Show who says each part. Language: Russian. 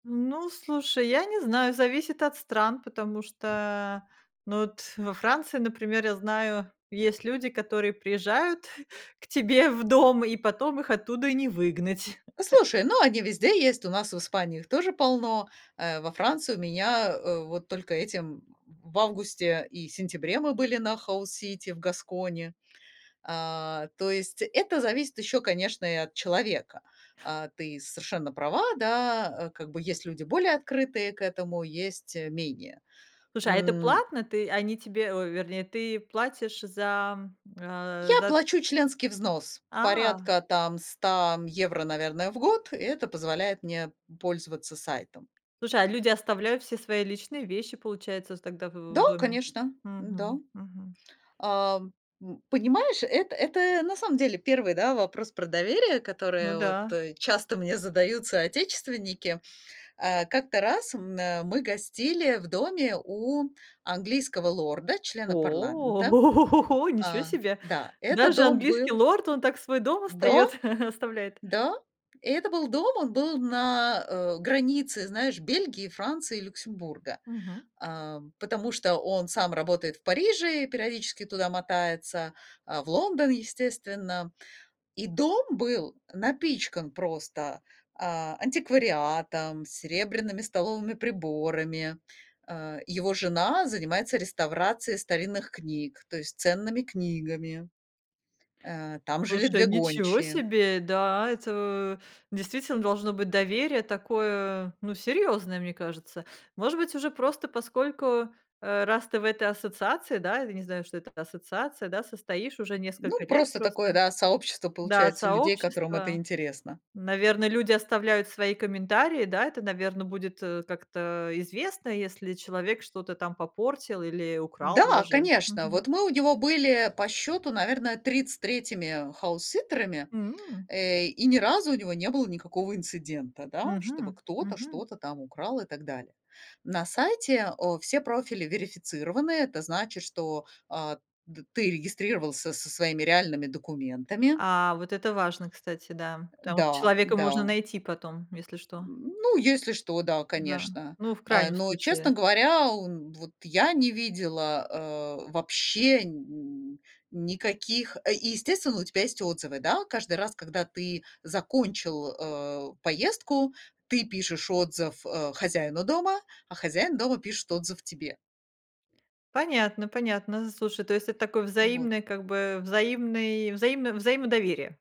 Speaker 1: Ну, слушай, я не знаю, зависит от стран, потому что, ну, вот во Франции, например, я знаю, есть люди, которые приезжают к тебе в дом, и потом их оттуда и не выгнать.
Speaker 2: Послушай, ну, они везде есть. У нас в Испании их тоже полно. Э, во Франции у меня, э, вот только этим в августе и сентябре мы были на House City в Гаскони. А, то есть это зависит еще, конечно, и от человека. А ты совершенно права, да, э, как бы есть люди более открытые к этому, есть, э, менее.
Speaker 1: Слушай, а это
Speaker 2: М
Speaker 1: платно? Ты они тебе ой, вернее, ты платишь за э
Speaker 2: Я
Speaker 1: за т
Speaker 2: плачу членский взнос
Speaker 1: А.
Speaker 2: порядка, там, 100 м евро, наверное, в год. И это позволяет мне пользоваться сайтом.
Speaker 1: Слушай, а люди оставляют все свои личные вещи, получается, вот тогда в в
Speaker 2: Да,
Speaker 1: доме.
Speaker 2: конечно, м-да.
Speaker 1: Мгм мгм.
Speaker 2: Ам, м, понимаешь, это это на самом деле 1, да, вопрос про доверие,
Speaker 1: Ну
Speaker 2: которое от
Speaker 1: да.
Speaker 2: э, часто мне задают соотечественники. Э, как-то раз мэ мы гостили в доме у английского лорда, члена
Speaker 1: О! О
Speaker 2: парламента,
Speaker 1: го го го го!
Speaker 2: э
Speaker 1: Ничего себе!
Speaker 2: Да, это
Speaker 1: Даже
Speaker 2: дом
Speaker 1: английский
Speaker 2: был
Speaker 1: лорд, он так свой дом остаёт
Speaker 2: До,
Speaker 1: оставляет?
Speaker 2: да, и это был дом, он был на, э, границе, знаешь, Бельгии, Франции и Люксембурга,
Speaker 1: Мгм.
Speaker 2: эм, потому что он сам работает в Париже и периодически туда мотается, э, в Лондон, естественно. И дом был напичкан просто, а, антиквариатом, серебряными столовыми приборами. Э, его жена занимается реставрацией старинных книг, то есть ценными книгами. Э, там жили
Speaker 1: Слушай,
Speaker 2: 2
Speaker 1: ничего
Speaker 2: гончие.
Speaker 1: себе, да, это в действительно должно быть доверие такое, ну, серьёзное, мне кажется. Может быть, уже просто поскольку, э, раз ты в этой ассоциации, да, я не знаю, что это за ассоциация, да, состоишь уже несколько
Speaker 2: Ну,
Speaker 1: лет
Speaker 2: просто
Speaker 1: просто.
Speaker 2: такое, да, сообщество,
Speaker 1: Да,
Speaker 2: получается, людей, которым это
Speaker 1: сообщество.
Speaker 2: интересно.
Speaker 1: Наверно, люди оставляют свои комментарии. Да, это, наверно, будет, э, как-то известно, если человек что-то там попортил или украл
Speaker 2: Да,
Speaker 1: даже.
Speaker 2: конечно.
Speaker 1: Мгм.
Speaker 2: Вот мы у него были, по счету, наверное, 33-ми хаус-ситтерами,
Speaker 1: М.
Speaker 2: э, и ни разу у него не было никакого инцидента, да, чтобы
Speaker 1: Мгм
Speaker 2: кто-то
Speaker 1: мгм.
Speaker 2: что-то там украл и так далее. На сайте о все профили верифицированы. Это значит, что, э, д ты регистрировался со своими реальными документами.
Speaker 1: А вот это важно, кстати, да,
Speaker 2: Э,
Speaker 1: потому что
Speaker 2: да,
Speaker 1: человека можно
Speaker 2: да.
Speaker 1: найти потом, если что.
Speaker 2: М, ну, если что, да,
Speaker 1: Да,
Speaker 2: конечно,
Speaker 1: ну, в
Speaker 2: э.
Speaker 1: крайнем
Speaker 2: Но, честно
Speaker 1: случае.
Speaker 2: говоря, он вот я не видела, э, вообще нь никаких, э, и, естественно, у тебя есть отзывы, да. Каждый раз, когда ты закончил, э, поездку, ты пишешь отзыв, э, хозяину дома, а хозяин дома пишет отзыв тебе.
Speaker 1: Понятно понятно. Слушай, то есть это такой
Speaker 2: Вот.
Speaker 1: взаимный, как бы, э, взаимный взаимно взаимодоверие.